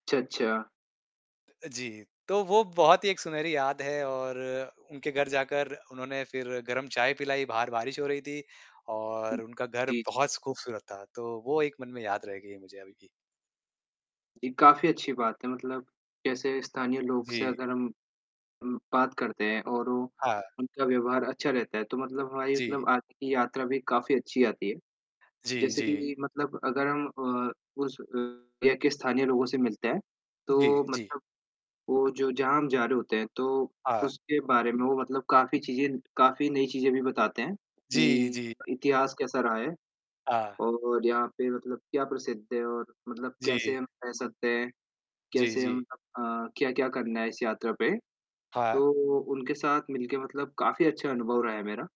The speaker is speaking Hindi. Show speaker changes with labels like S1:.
S1: अच्छा, अच्छा।
S2: अ, जी। तो वो बहुत ही एक सुनहरी याद है और उनके घर जाकर उन्होंने फ़िर गरम चाय पिलाई। बाहर बारिश हो रही थी और उनका घर
S1: जी, जी।
S2: बहुत ख़ूबसूरत था। तो वो एक मन में याद रहेगी मुझे अभी भी।
S1: ये काफ़ी अच्छी बात है। मतलब जैसे स्थानीय लोग से
S2: जी।
S1: अगर हम अम, बात करते हैं और वो,
S2: हाँ।
S1: उनका व्यवहार अच्छा रहता है तो मतलब हमारी
S2: जी।
S1: मतलब आगे की यात्रा भी काफ़ी अच्छी आती है।
S2: जी,
S1: जैसे कि
S2: जी।
S1: ये मतलब अगर हम अ, उस अ, एरिया के स्थानीय लोगों से मिलते हैं
S2: जी,
S1: तो
S2: जी।
S1: मतलब वो जो जहाँ हम जा रहे होते हैं तो
S2: हाँ।
S1: उसके बारे में वो मतलब काफ़ी चीज़ें काफ़ी नई चीज़ें भी बताते हैं
S2: जी, जी।
S1: कि इतिहास कैसा रहा है
S2: हाँ।
S1: और यहाँ पे मतलब क्या प्रसिद्ध है और मतलब कैसे
S2: जी।
S1: हम रह सकते हैं,
S2: जी,
S1: कैसे
S2: जी।
S1: हम अ अ, क्या-क्या करना है इस यात्रा पे?
S2: हाँ।
S1: तो उनके साथ मिलके मतलब काफ़ी अच्छा अनुभव रहा है मेरा।